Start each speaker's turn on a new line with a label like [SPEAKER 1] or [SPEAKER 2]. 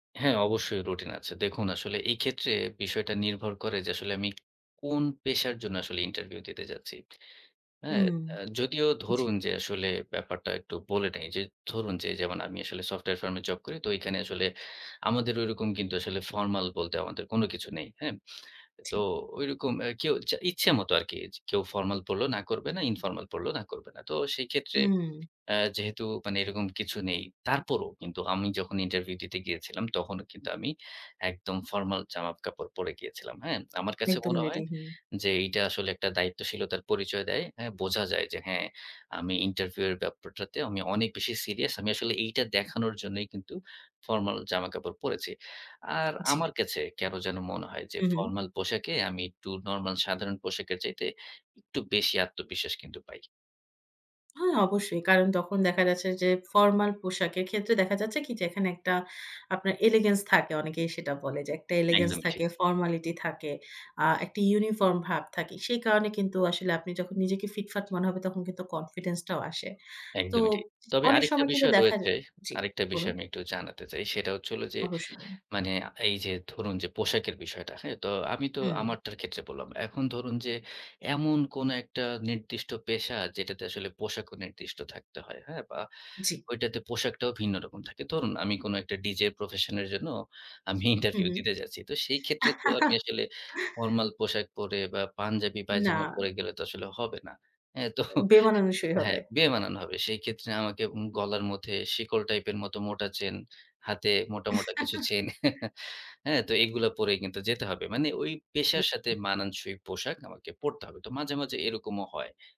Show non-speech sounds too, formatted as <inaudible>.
[SPEAKER 1] হ্যাঁ, অবশ্যই রুটিন আছে। দেখুন আসলে এই ক্ষেত্রে বিষয়টা নির্ভর করে যে আসলে আমি কোন পেশার জন্য আসলে ইন্টারভিউ দিতে যাচ্ছি। হ্যাঁ?
[SPEAKER 2] হুম,
[SPEAKER 1] অ্যা যদিও
[SPEAKER 2] জি।
[SPEAKER 1] ধরুন যে আসলে ব্যাপারটা একটু বলে নেই। যে ধরুন যে যেমন আমি আসলে সফটওয়্যার ফার্মে জব করি তো এখানে আসলে আমাদের ওইরকম কিন্তু আসলে ফরমাল বলতে আমাদের কোন কিছু নেই। হ্যাঁ? তো
[SPEAKER 2] জি।
[SPEAKER 1] ঐরকম এ কেউ ইচ্ছে মত আরকি। যে কেউ ফরমাল পড়লেও না করবে না, ইনফরমাল পড়লে না করবে না। তো সেই ক্ষেত্রে
[SPEAKER 2] হুম।
[SPEAKER 1] অ্যা যেহেতু মানে এরকম কিছু নেই। তারপরও কিন্তু আমি যখন ইন্টারভিউ দিতে গিয়েছিলাম তখনও কিন্তু আমি একদম ফরমাল জামা-কাপড় পড়ে গিয়েছিলাম। হ্যাঁ? আমার কাছে
[SPEAKER 2] একদম
[SPEAKER 1] মনে
[SPEAKER 2] রেডি,
[SPEAKER 1] হয়
[SPEAKER 2] হুম।
[SPEAKER 1] যে এইটা আসলে একটা দায়িত্বশীলতার পরিচয় দেয়। হ্যাঁ? বোঝা যায় যে হ্যাঁ, আমি ইন্টারভিউ এর ব্যাপারটাতে আমি অনেক বেশি সিরিয়াস। আমি আসলে এইটা দেখানোর জন্যই কিন্তু ফরমাল জামাকাপড় পড়েছি। আর
[SPEAKER 2] জি।
[SPEAKER 1] আমার কাছে কেনো যেন মনে হয় যে,
[SPEAKER 2] হুম, হুম।
[SPEAKER 1] ফরমাল পোশাকে আমি একটু নরমাল, সাধারণ পোশাকের চাইতে একটু বেশি আত্মবিশ্বাস কিন্তু পাই।
[SPEAKER 2] হ্যাঁ, অবশ্যই। কারণ তখন দেখা যাচ্ছে যে ফরমাল পোশাকের ক্ষেত্রে দেখা যাচ্ছে কি? যে এখানে একটা আপনার এলিগেন্স থাকে অনেকেই সেটা বলে যে একটা এলিগেন্স
[SPEAKER 1] একদম ঠিক।
[SPEAKER 2] থাকে, ফর্মালিটি থাকে, আ একটা ইউনিফর্ম ভাব থাকে। সেই কারণে কিন্তু আসলে আপনি যখন নিজেকে ফিটফাট মনে হবে তখন কিন্তু কনফিডেন্সটাও আসে। তো
[SPEAKER 1] একদমই ঠিক। তবে
[SPEAKER 2] অনেক
[SPEAKER 1] আরেকটা
[SPEAKER 2] সময় কিন্তু
[SPEAKER 1] বিষয়
[SPEAKER 2] দেখা
[SPEAKER 1] রয়েছে।
[SPEAKER 2] যায় জি,
[SPEAKER 1] আরেকটা বিষয়
[SPEAKER 2] বলুন।
[SPEAKER 1] আমি একটু জানাতে চাই। সেটা হচ্ছে হলো যে
[SPEAKER 2] অবশ্যই।
[SPEAKER 1] মানে এই যে ধরুন যে পোশাকের বিষয়টা, হ্যাঁ? তো আমি তো
[SPEAKER 2] হুম।
[SPEAKER 1] আমারটার ক্ষেত্রে বললাম। এখন ধরুন যে এমন কোনো একটা নির্দিষ্ট পেশা যেটাতে আসলে পোশাকও নির্দিষ্ট থাকতে হয়। হ্যাঁ? বা
[SPEAKER 2] জি।
[SPEAKER 1] ওইটাতে পোশাকটাও ভিন্ন রকম থাকে। ধরুন আমি কোন একটা ডিজে প্রফেশনের জন্য আমি
[SPEAKER 2] হুম,
[SPEAKER 1] ইন্টারভিউ
[SPEAKER 2] হুম।
[SPEAKER 1] দিতে যাচ্ছি। তো সেই ক্ষেত্রে তো আমি আসলে
[SPEAKER 2] <giggles>
[SPEAKER 1] নরমাল পোশাক পরে বা পাঞ্জাবি পায়জামা
[SPEAKER 2] না।
[SPEAKER 1] পরে গেলে তো আসলে হবে না। হ্যাঁ? তো
[SPEAKER 2] বেমানানসই
[SPEAKER 1] হ্যাঁ,
[SPEAKER 2] হবে।
[SPEAKER 1] বেমানান হবে। সেক্ষেত্রে আমাকে উম গলার মধ্যে শিকল টাইপের মতো মোটা চেইন, হাতে মোটা, মোটা কিছু চেইন
[SPEAKER 2] <chuckles>
[SPEAKER 1] <chuckles> হ্যাঁ? তো এগুলো পড়ে কিন্তু যেতে হবে। মানে ওই পেশার সাথে
[SPEAKER 2] <unintelligible>
[SPEAKER 1] মানানসই পোশাক আমাকে পড়তে হবে। তো মাঝে, মাঝে এরকমও হয়।